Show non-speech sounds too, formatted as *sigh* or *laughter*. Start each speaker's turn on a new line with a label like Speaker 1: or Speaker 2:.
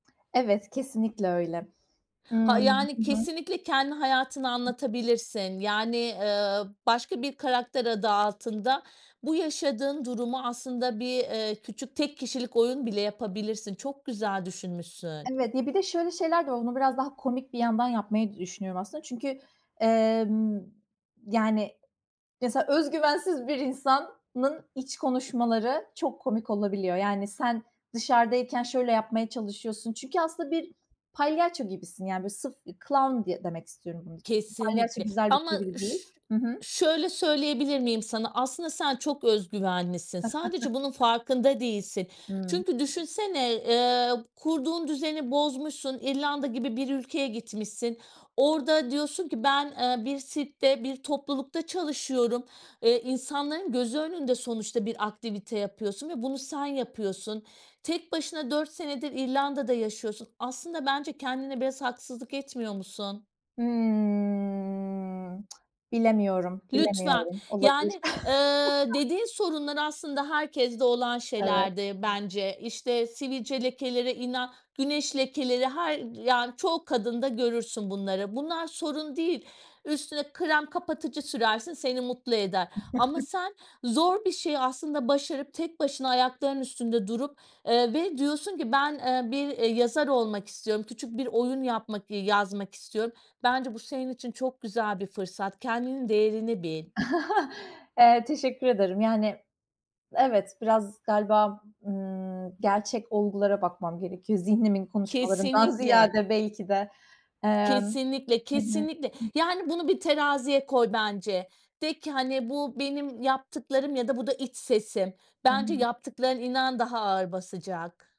Speaker 1: Evet, kesinlikle öyle.
Speaker 2: Ha,
Speaker 1: Imm,
Speaker 2: yani,
Speaker 1: hı hı.
Speaker 2: kesinlikle kendi hayatını anlatabilirsin, yani, eee, başka bir karakter adı altında bu yaşadığın durumu aslında bir, eee, küçük tek kişilik oyun bile yapabilirsin. Çok güzel düşünmüşsün.
Speaker 1: Evet, ya, bir de şöyle şeyler de oldu. Bunu biraz daha komik bir yandan yapmayı da düşünüyorum aslında çünkü, emm, yani, mesela özgüvensiz bir insanın iç konuşmaları çok komik olabiliyor. Yani sen dışarıdayken şöyle yapmaya çalışıyorsun çünkü aslında bir palyaço gibisin. Yani, böyle, sırf bir clown diye demek istiyorum bunun için. Palyaço
Speaker 2: Kesinlikle
Speaker 1: güzel bir
Speaker 2: ama
Speaker 1: çeviri değil.
Speaker 2: ş
Speaker 1: Hı hı.
Speaker 2: şöyle söyleyebilir miyim sana? Aslında sen çok öz güvenlisin sadece bunun
Speaker 1: *chuckles*
Speaker 2: farkında değilsin.
Speaker 1: Hıı.
Speaker 2: Çünkü düşünsene, eee, kurduğun düzeni bozmuşsun, İrlanda gibi bir ülkeye gitmişsin, orada diyorsun ki: "Ben, eee, bir sirkte, bir toplulukta çalışıyorum." Eee, insanların gözü önünde sonuçta bir aktivite yapıyorsun ve bunu sen yapıyorsun. Tek başına 4 senedir İrlanda'da yaşıyorsun. Aslında bence kendine biraz haksızlık etmiyor musun?
Speaker 1: Hımm, *tsk* bilemiyorum,
Speaker 2: Lütfen,
Speaker 1: bilemiyorum. Olabilir.
Speaker 2: yani, eee,
Speaker 1: *chuckles*
Speaker 2: dediğin sorunlar aslında herkeste olan
Speaker 1: Evet.
Speaker 2: şeylerdir bence, işte, sivilce lekeleri ila güneş lekeleri her, yani, çoğu kadında görürsün bunları. Bunlar sorun değil, üstüne krem kapatıcı sürersin seni mutlu eder ama
Speaker 1: *chuckles*
Speaker 2: sen zor bir şeyi aslında başarıp tek başına ayaklarının üstünde durup, eee, ve diyorsun ki "Ben, eee, bir, eee, yazar olmak istiyorum. Küçük bir oyun yapmak iii, yazmak istiyorum." Bence bu senin için çok güzel bir fırsat. Kendinin değerini bil.
Speaker 1: *chuckles* Eee, teşekkür ederim. Yani, evet, biraz galiba, ımm, gerçek olgulara bakmam gerekiyor zihnimin konuşmalarından
Speaker 2: Kesinlikle.
Speaker 1: ziyade belki de. Emm.
Speaker 2: Kesinlikle,
Speaker 1: Hı hı.
Speaker 2: kesinlikle.
Speaker 1: *unintelligible*
Speaker 2: Yani, bunu bir teraziye koy bence. De ki, hani, "Bu benim yaptıklarım ya da bu da iç sesim."
Speaker 1: Hı
Speaker 2: Bence
Speaker 1: hı.
Speaker 2: yaptıkların, inan, daha ağır basacak.